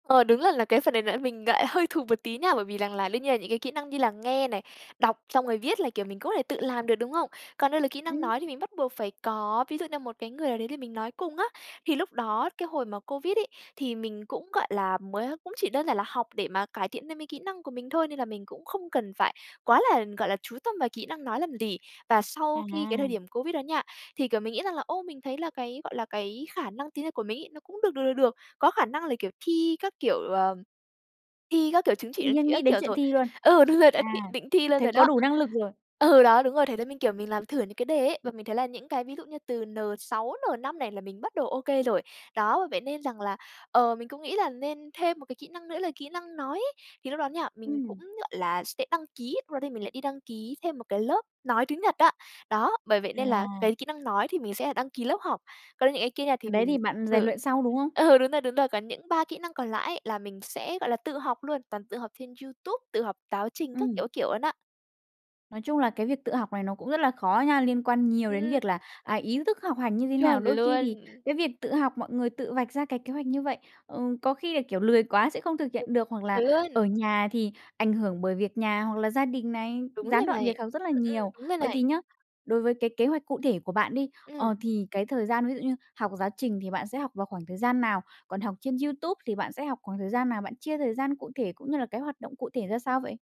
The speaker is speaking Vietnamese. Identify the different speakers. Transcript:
Speaker 1: Ờ, đúng là là cái phần này là mình lại hơi thụt một tí nha, bởi vì rằng là đương nhiên là những cái kỹ năng như là nghe này, đọc xong rồi viết là, kiểu, mình có thể tự làm được, đúng không? Còn đây là kỹ năng
Speaker 2: Ừm.
Speaker 1: nói thì mình bắt buộc phải có ví dụ như một cái người nào đấy để mình nói cùng á, thì lúc đó, cái hồi mà Covid ấy, thì mình cũng, gọi là, mới cũng chỉ đơn giản là học để mà cải thiện thêm cái kỹ năng của mình thôi, nên là mình cũng không cần phải quá là, gọi là, chú tâm vào kỹ năng nói làm gì. Và sau khi cái thời
Speaker 2: À.
Speaker 1: điểm Covid đó nha, thì, kiểu, mình nghĩ rằng là, ô, mình thấy là cái, gọi là, cái khả năng tiếng Nhật của mình ấy, nó cũng được được, được được, có khả năng là, kiểu, thi các, kiểu, ờ, thi các, kiểu, chứng chỉ,
Speaker 2: Tự
Speaker 1: chứng
Speaker 2: nhiên
Speaker 1: chỉ
Speaker 2: nghĩ
Speaker 1: các
Speaker 2: đến
Speaker 1: kiểu
Speaker 2: chuyện
Speaker 1: rồi.
Speaker 2: thi luôn.
Speaker 1: Ừ, đúng rồi đấy,
Speaker 2: À,
Speaker 1: định thi luôn
Speaker 2: thế
Speaker 1: rồi
Speaker 2: có
Speaker 1: đó.
Speaker 2: đủ năng lực rồi.
Speaker 1: Ừ, đó, đúng rồi, thế là mình, kiểu, mình làm thử những cái đề ấy, và mình thấy là những cái ví dụ như từ N6, N5 này là mình bắt đầu ô kê rồi. Đó, bởi vậy nên rằng là, ờ, mình cũng nghĩ là nên thêm một cái kỹ năng nữa là kỹ năng nói ấy, thì lúc đó nha, mình cũng,
Speaker 2: Ừm.
Speaker 1: gọi là, sẽ đăng ký, lúc đó thì mình lại đi đăng ký thêm một cái lớp nói tiếng Nhật á. Đó, bởi vậy nên là
Speaker 2: À.
Speaker 1: cái kỹ năng nói thì mình sẽ đăng ký lớp học, còn những cái kia
Speaker 2: Cái
Speaker 1: thì
Speaker 2: đấy
Speaker 1: mình
Speaker 2: thì bạn rèn
Speaker 1: thử,
Speaker 2: luyện sau, đúng hông?
Speaker 1: ừ, đúng rồi, đúng rồi, còn những 3 kỹ năng còn lại á, là mình sẽ, gọi là, tự học luôn, toàn tự học trên YouTube, tự học táo trình các kiểu,
Speaker 2: Ừm.
Speaker 1: các kiểu luôn á.
Speaker 2: Nói chung là cái việc tự học này nó cũng rất là khó nha, liên quan nhiều đến
Speaker 1: Ừm.
Speaker 2: việc là, à, ý thức học hành như thế nào.
Speaker 1: Chuẩn
Speaker 2: Đôi khi
Speaker 1: luôn.
Speaker 2: thì cái việc tự học mọi người tự vạch ra cái kế hoạch như vậy, ừm, có khi là, kiểu, lười quá sẽ không thực hiện được, hoặc là
Speaker 1: Chuẩn luôn.
Speaker 2: ở nhà thì ảnh hưởng bởi việc nhà, hoặc là gia đình này,
Speaker 1: Đúng
Speaker 2: gián
Speaker 1: rồi
Speaker 2: đoạn
Speaker 1: này,
Speaker 2: việc học rất là
Speaker 1: ừm, ừm,
Speaker 2: nhiều.
Speaker 1: đúng rồi
Speaker 2: Vậy
Speaker 1: này.
Speaker 2: thì nhá, đối với cái kế hoạch cụ thể của bạn đi,
Speaker 1: Ừm.
Speaker 2: ờ, thì cái thời gian ví dụ như học giáo trình thì bạn sẽ học vào khoảng thời gian nào? Còn học trên YouTube thì bạn sẽ học khoảng thời gian nào? Bạn chia thời gian cụ thể cũng như là cái hoạt động cụ thể ra sao vậy?